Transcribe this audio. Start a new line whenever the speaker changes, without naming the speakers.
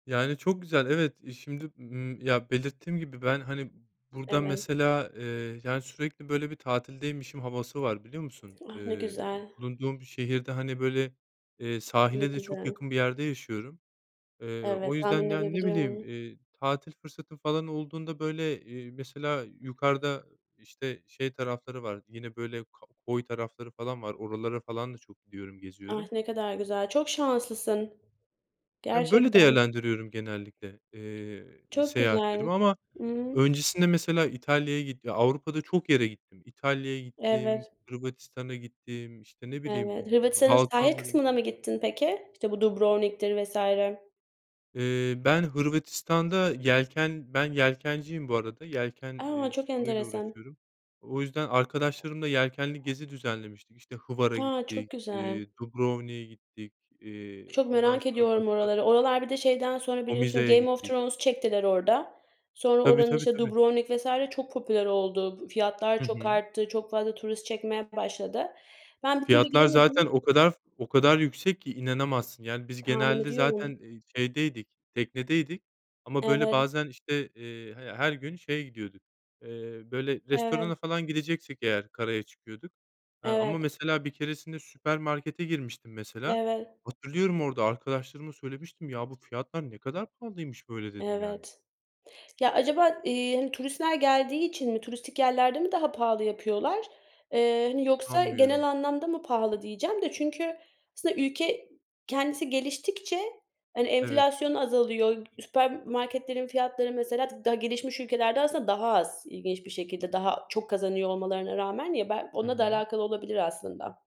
Yani çok güzel evet, şimdi, ımm, ya belirttiğim gibi ben hani burada
Evet.
mesela, eee, yani sürekli böyle bir tatildeymişim havası var biliyor musun?
Ah, ne
Eee,
güzel.
bulunduğum şehirde hani böyle, eee,
Ne
sahile de çok
güzel.
yakın bir yerde yaşıyorum. Eee,
Evet
o
tahmin
yüzden yani ne bileyim,
edebiliyorum.
eee, tatil fırsatım falan olduğunda böyle, eee, mesela yukarıda işte şey tarafları var yine böyle k koy tarafları falan var, oralara falan da çok gidiyorum
Ah!
geziyorum.
Ne kadar güzel. Çok şanslısın.
Ya böyle
Gerçekten.
değerlendiriyorum genellikle, eee,
Çok güzel.
seyahatlerimi. Ama
Hı hı.
öncesinde mesela İtalya'ya gittim. Avrupa'da çok yere gittim. İtalya'ya gittim,
Evet.
Hırvatistan'a gittim, işte ne bileyim
Evet. Hırvatistan'ın sahil
Balkanlar'a gittim.
kısmına mı gittin peki? İşte bu Dubrovnik'tir vs.
Eee, ben Hırvatistan'da yelken, ben yelkenciyim bu arada yelken,
A!
eee,
Çok
sporu ile
enteresan.
uğraşıyorum. O yüzden arkadaşlarımla yelkenli gezi düzenlemiştik. İşte Hvar'a
A! Çok
gittik,
güzel.
iii, Dubrovnik'e gittik, iii.
Çok
Ondan
merak
sonra
ediyorum
başka
oraları. Oralar bir de şeyden sonra biliyorsun
Omiza'ya
Game of
gittik.
Thrones çektiler orada. Sonra
Tabii
oranın
tabii
işte
tabii.
Dubrovnik vs. çok popüler oldu. Fiyatlar
Hı
çok
hı.
arttı, çok fazla turist çekmeye başladı. Ben bir türlü
Fiyatlar
gidemedim.
zaten o kadar o kadar yüksek ki inanamazsın. Yani biz
Tahmin
genelde
ediyorum.
zaten, eee, şeydeydik teknedeydik. Ama böyle
Evet.
bazen işte, eee, h her gün şeye gidiyorduk, eee, böyle
Evet.
restorana falan gideceksek eğer karaya çıkıyorduk. Eee,
Evet.
ama mesela bir keresinde süpermarkete girmiştim mesela.
Evet.
Hatırlıyorum orada arkadaşlarıma söylemiştim, ya bu fiyatlar ne kadar pahalıymış böyle, dedim yani.
Evet. Ya acaba, iii, hani, turistler geldiği için mi turistik yerlerde mi daha pahalı yapıyorlar, eee, yoksa genel
Anlıyorum.
anlamda mı pahalı diyeceğim de. Çünkü aslında ülke kendisi geliştikçe hani
Evet.
enflasyon azalıyor. Süpermarketlerin fiyatları mesela daha gelişmiş ülkelerde aslında daha az ilginç bir şekilde daha çok kazanıyor olmalarına rağmen. Ya belki
Hı
onunla da
hı.
alakalı olabilir aslında.